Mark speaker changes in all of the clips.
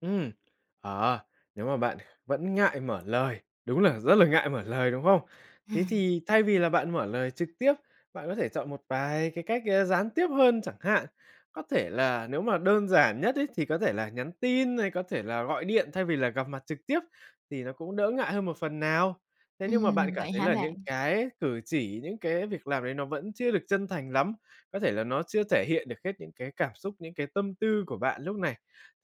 Speaker 1: Ừm, ờ, nếu mà bạn kh vẫn ngại mở lời, đúng là rất là ngại mở lời, đúng không? Thế
Speaker 2: Ừm.
Speaker 1: thì thay vì là bạn mở lời trực tiếp, bạn có thể chọn một vài cái cách, ơ, gián tiếp hơn chẳng hạn, có thể là nếu mà đơn giản nhất ấy, thì có thể là nhắn tin hay có thể là gọi điện thay vì là gặp mặt trực tiếp thì nó cũng đỡ ngại hơn một phần nào. Thế nhưng mà bạn
Speaker 2: Ừm,
Speaker 1: cảm
Speaker 2: vậy
Speaker 1: thấy
Speaker 2: hả
Speaker 1: là những
Speaker 2: bạn?
Speaker 1: cái cử chỉ, những cái việc làm ấy nó vẫn chưa được chân thành lắm, có thể là nó chưa thể hiện được hết những cái cảm xúc, những cái tâm tư của bạn lúc này,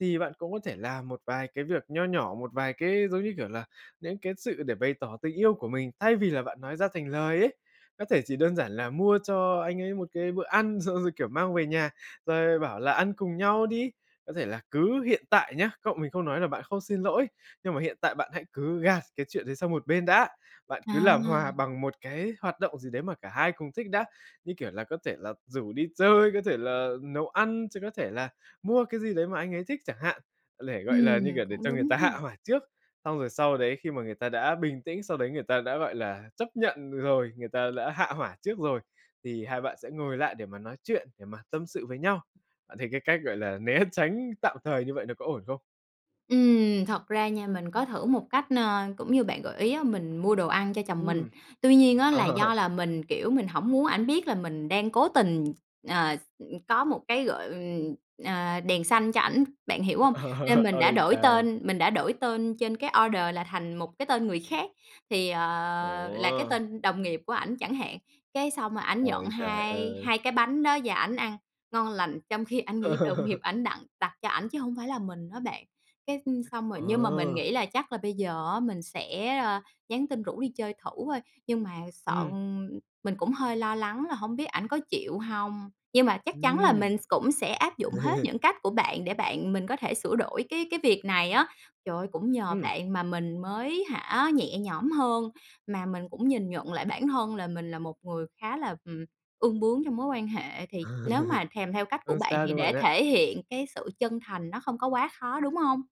Speaker 1: thì bạn cũng có thể làm một vài cái việc nho nhỏ, một vài cái, giống như kiểu là, đến cái sự để bày tỏ tình yêu của mình, thay vì là bạn nói ra thành lời ấy. Có thể chỉ đơn giản là mua cho anh ấy một cái bữa ăn, xong rồi, kiểu, mang về nhà, rồi bảo là "Ăn cùng nhau đi." Có thể là cứ hiện tại nhá, cậu mình không nói là bạn không xin lỗi, nhưng mà hiện tại bạn hãy cứ gạt cái chuyện đấy sang một bên đã, bạn cứ làm
Speaker 2: À.
Speaker 1: hòa bằng một cái hoạt động gì đấy mà cả hai cùng thích đã. Như kiểu là, có thể là rủ đi chơi, có thể là nấu ăn, chứ có thể là mua cái gì đấy mà anh ấy thích chẳng hạn, để, gọi là, như
Speaker 2: Ừm,
Speaker 1: kiểu, để
Speaker 2: cũng
Speaker 1: cho người
Speaker 2: đúng
Speaker 1: ta
Speaker 2: ha.
Speaker 1: hạ hỏa trước. Xong rồi sau đấy khi mà người ta đã bình tĩnh, sau đấy người ta đã, gọi là, chấp nhận rồi, người ta đã hạ hỏa trước rồi, thì hai bạn sẽ ngồi lại để mà nói chuyện, để mà tâm sự với nhau. Bạn thấy cái cách, gọi là, né tránh tạm thời như vậy nó có ổn không?
Speaker 2: Ừm, thật ra nha, mình có thử một cách, nơ, cũng như bạn gợi ý á, mình mua đồ ăn cho chồng mình.
Speaker 1: Ừm.
Speaker 2: Tuy nhiên á là
Speaker 1: Ờ.
Speaker 2: do là mình, kiểu, mình hổng muốn ảnh biết là mình đang cố tình, ờ, s ừm, có một cái, gọi, ừm, ờ, đèn xanh cho ảnh, bạn hiểu hông? Nên mình đã
Speaker 1: Ôi
Speaker 2: đổi
Speaker 1: trời!
Speaker 2: tên mình đã đổi tên trên cái order là thành một cái tên người khác, thì, ờ, là cái
Speaker 1: Ủa?
Speaker 2: tên đồng nghiệp của ảnh chẳng hạn, cái xong rồi ảnh nhận
Speaker 1: Ôi trời
Speaker 2: hai
Speaker 1: ơi.
Speaker 2: hai cái bánh đó và ảnh ăn ngon lành trong khi ảnh nghĩ đồng nghiệp ảnh đặng đặt cho ảnh chứ hông phải là mình á bạn. Cái, ưm, xong rồi
Speaker 1: Ờ.
Speaker 2: nhưng mà mình nghĩ là chắc là bây giờ á, mình sẽ, ơ, nhắn tin rủ đi chơi thử thôi, nhưng mà sợ
Speaker 1: Ừm.
Speaker 2: ừm, mình cũng hơi lo lắng là hổng biết ảnh có chịu hông, nhưng mà chắc chắn là
Speaker 1: Ừm.
Speaker 2: mình s cũng sẽ áp dụng hết những cách của bạn để bạn mình có thể sửa đổi cái cái việc này á. Trời ơi, cũng nhờ
Speaker 1: Ừm.
Speaker 2: bạn mà mình mới hả, nhẹ nhõm hơn, mà mình cũng nhìn nhận lại bản thân là mình là một người khá là, ừm, ương bướng trong mối quan hệ. Thì nếu mà thèm theo cách của
Speaker 1: Không
Speaker 2: bạn
Speaker 1: sao
Speaker 2: thì
Speaker 1: đâu bạn
Speaker 2: để
Speaker 1: ạ.
Speaker 2: thể hiện cái sự chân thành nó không có quá khó, đúng hông?